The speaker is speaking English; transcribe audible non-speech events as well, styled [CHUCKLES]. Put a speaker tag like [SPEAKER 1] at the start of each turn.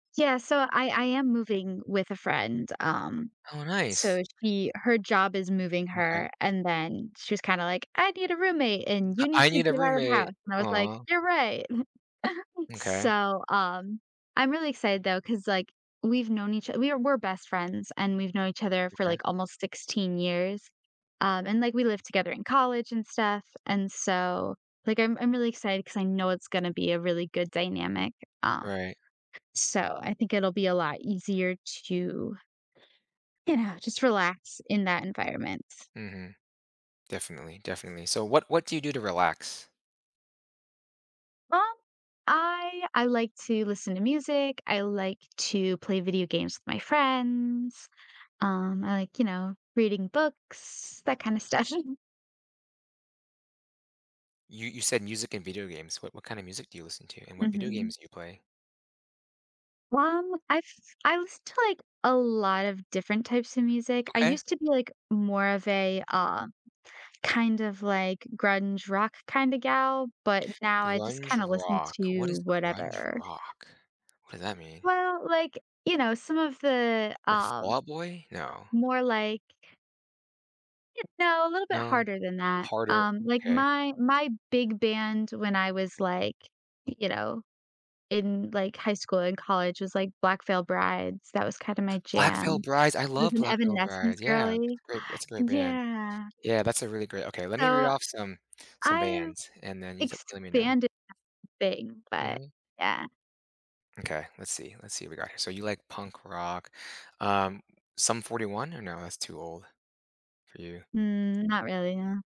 [SPEAKER 1] Yeah, so I I am moving with a friend, um,
[SPEAKER 2] Oh,
[SPEAKER 1] so
[SPEAKER 2] nice.
[SPEAKER 1] she her job is moving
[SPEAKER 2] Okay.
[SPEAKER 1] her, and then she was kinda like, "I need a roommate, and you need
[SPEAKER 2] "I
[SPEAKER 1] to
[SPEAKER 2] need a
[SPEAKER 1] get out of the
[SPEAKER 2] roommate."
[SPEAKER 1] house." And I was like,
[SPEAKER 2] Aw.
[SPEAKER 1] "You're right." [CHUCKLES]
[SPEAKER 2] M'kay.
[SPEAKER 1] So, um, I'm really excited, though, 'cause, like, we've known each we are we're best friends, and we've known each other for,
[SPEAKER 2] Okay.
[SPEAKER 1] like, almost 16 years, um, and, like, we lived together in college and stuff, and so, like, I'm I'm really excited 'cause I know it's gonna be a really good dynamic, uh,
[SPEAKER 2] Right.
[SPEAKER 1] so I think it'll be a lot easier to you know, just relax in that environment.
[SPEAKER 2] Mhm. Definitely, definitely. So what what do you do to relax?
[SPEAKER 1] Um, I I like to listen to music. I like to play video games with my friends. Um, I like, you know, reading books, that kinda stuff. [CHUCKLES]
[SPEAKER 2] You you said music and video games. What what kinda music do you listen to, and what video
[SPEAKER 1] Mhm.
[SPEAKER 2] games do you play?
[SPEAKER 1] Well, I've I listen to, like, a lot of different types of music. I
[SPEAKER 2] Okay.
[SPEAKER 1] used to be, like, more of a, uh, kind of, like, grunge rock kinda gal, but now I just
[SPEAKER 2] Grunge
[SPEAKER 1] kinda listen
[SPEAKER 2] rock. What is
[SPEAKER 1] to
[SPEAKER 2] grunge
[SPEAKER 1] whatever.
[SPEAKER 2] rock? What does that mean?
[SPEAKER 1] Well, like, you know, some of the,
[SPEAKER 2] Like
[SPEAKER 1] um,
[SPEAKER 2] Fallout Boy? No.
[SPEAKER 1] more, like you know, a little bit
[SPEAKER 2] No.
[SPEAKER 1] harder than that,
[SPEAKER 2] Harder,
[SPEAKER 1] um, like,
[SPEAKER 2] okay.
[SPEAKER 1] my my big band when I was, like, you know, in, like, high school and college was, like, Black Veil Brides. That was kinda my
[SPEAKER 2] Black Veil
[SPEAKER 1] jam.
[SPEAKER 2] Brides. I
[SPEAKER 1] I was
[SPEAKER 2] love
[SPEAKER 1] an
[SPEAKER 2] Black Veil
[SPEAKER 1] Evanescence
[SPEAKER 2] Brides. Yeah. It's
[SPEAKER 1] girly
[SPEAKER 2] a great it's a
[SPEAKER 1] [GASPS]
[SPEAKER 2] great band.
[SPEAKER 1] yeah.
[SPEAKER 2] Yeah. That's a really great okay, let me read
[SPEAKER 1] So,
[SPEAKER 2] off some some
[SPEAKER 1] I've
[SPEAKER 2] bands, and then you just let me know.
[SPEAKER 1] expanded [UNINTELLIGIBLE] thing, but
[SPEAKER 2] Mhm.
[SPEAKER 1] yeah.
[SPEAKER 2] Okay. Let's see, let's see what we got here. So you like punk rock, um, Sum 41 or no? That's too old for you.
[SPEAKER 1] Mm, not really, yeah.